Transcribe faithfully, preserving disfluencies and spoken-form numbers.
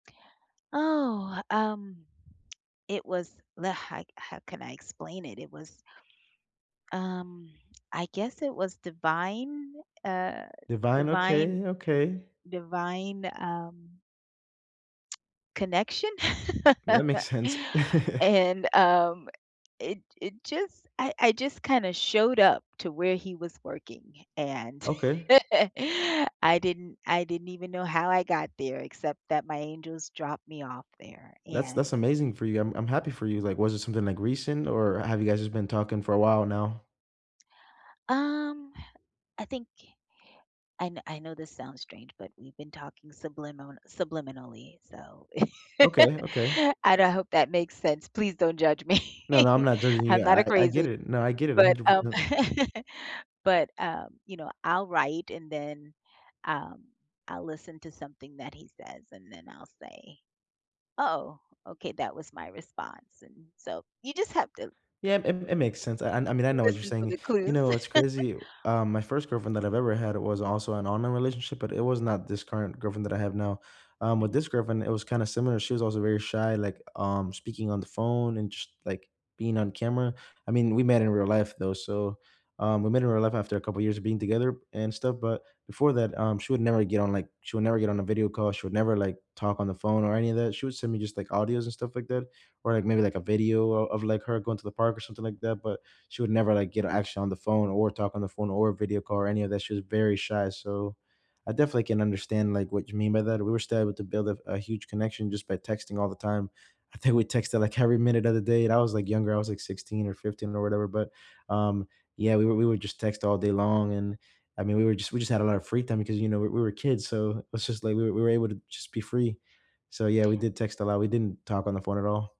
Oh, um, it was the how how can I explain it? It was um, I guess it was divine, uh, Divine, divine okay, okay. divine, um connection? That makes sense. And, um, it it just I I just kinda showed up to where he was working, and Okay. I didn't I didn't even know how I got there, except that my angels dropped me off there, That's that's and amazing for you, I'm I'm happy for you, like, was it something, like, recent, or have you guys just been talking for a while, now? Um, I think I know I know this sounds strange, but we've been talking sublimin subliminally, so, Okay, okay. and I hope that makes sense, please don't judge me, No, no, I'm not judging I'm you, not a I I get crazy it, no, I get it a but, hundred um, percent. but, um, you know, I'll write, and then, um, I'll listen to something that he says, and then I'll say, "Oh" okay, that was my response, and so you just have to Yeah, it it makes sense, I I mean, I know what you're listen for saying. the You clues. know, it's crazy, um, my first girlfriend that I've ever had was also an online relationship, but it was not this current girlfriend that I have now, um, with this Mhm. girlfriend, it was kinda similar, she was also very shy, like, um, speaking on the phone and just, like, being on camera, I mean, we met in real life, though, so, um, we met in real life after a couple years of being together and stuff, but before that, um, she would never get on, like she would never get on a video call, she would never like talk on the phone or any of that, she would send me just, like, audios and stuff like that, or like maybe, like, a video o of, like, her going to the park or something like that, but she would never, like, get actually on the phone, or talk on the phone, or video call or any of that, she was very shy. So, I definitely can understand, like, what you mean by that, we were still able to build a f a huge connection just by texting all the time. I think we texted like every minute of the day, and I was like younger, I was like sixteen or fifteen, or whatever, but, um, yeah, we were we were just text all day long, and I mean, we were just we just had a lotta free time because you know, we we were kids, so, it was just, like, we we were able to just be free. So yeah, we did text a lot, we didn't talk on the phone at all.